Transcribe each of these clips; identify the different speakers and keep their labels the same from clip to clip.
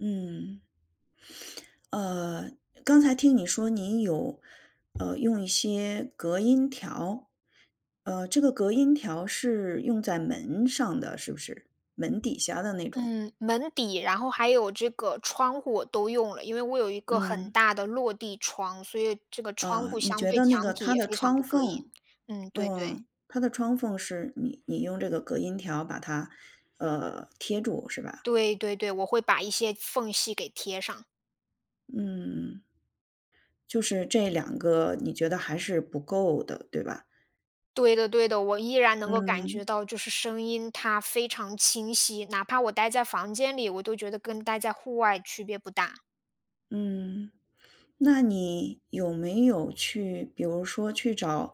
Speaker 1: 嗯。呃，刚才听你说你有，呃，用一些隔音条。呃，这个隔音条是用在门上的是不是？门底下的那种。
Speaker 2: 嗯，门底，然后还有这个窗户我都用了，因为我有一个很
Speaker 1: 嗯。
Speaker 2: 大的落地窗，所以这个窗
Speaker 1: 呃，
Speaker 2: 户
Speaker 1: 你
Speaker 2: 相
Speaker 1: 觉
Speaker 2: 对
Speaker 1: 得那个
Speaker 2: 墙体
Speaker 1: 它
Speaker 2: 也
Speaker 1: 的
Speaker 2: 非常
Speaker 1: 窗
Speaker 2: 不隔音，
Speaker 1: 缝
Speaker 2: 嗯，对对。
Speaker 1: 嗯，它的窗缝是你你用这个隔音条把它，呃，贴住是吧？
Speaker 2: 对对对，我会把一些缝隙给贴上。
Speaker 1: 嗯。就是这两个你觉得还是不够的，对吧？
Speaker 2: 对的对的，我依然能够感觉
Speaker 1: 嗯。
Speaker 2: 到，就是声音它非常清晰，哪怕我呆在房间里，我都觉得跟待在户外区别不大。
Speaker 1: 嗯，那你有没有去比如说去找，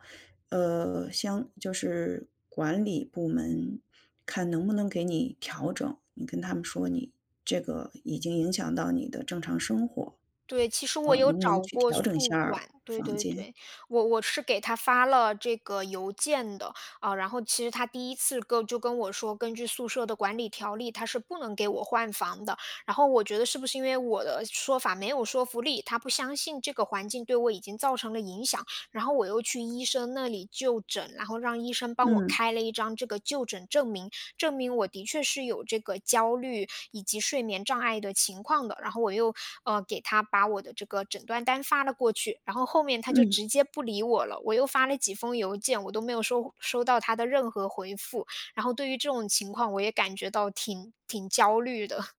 Speaker 1: 呃，相就是管理部门，看能不能给你调整，你跟他们说你这个已经影响到你的正常生活。
Speaker 2: 对，其实
Speaker 1: 呃，
Speaker 2: 我有
Speaker 1: 能不能
Speaker 2: 找
Speaker 1: 去
Speaker 2: 过
Speaker 1: 调整一
Speaker 2: 宿
Speaker 1: 下
Speaker 2: 管，
Speaker 1: 儿
Speaker 2: 对
Speaker 1: 房
Speaker 2: 对
Speaker 1: 间。
Speaker 2: 对，我我是给他发了这个邮件的，呃，然后其实他第1次跟就跟我说，根据宿舍的管理条例，他是不能给我换房的。然后我觉得是不是因为我的说法没有说服力，他不相信这个环境对我已经造成了影响，然后我又去医生那里就诊。然后让医生帮我
Speaker 1: 嗯。
Speaker 2: 开了一张这个就诊证明，证明我的确是有这个焦虑以及睡眠障碍的情况的。然后我又，呃，给他把我的这个诊断单发了过去，然后后面他就
Speaker 1: 嗯。
Speaker 2: 直接不理我了，我又发了几封邮件，我都没有收收到他的任何回复。然后对于这种情况，我也感觉到挺挺焦虑的。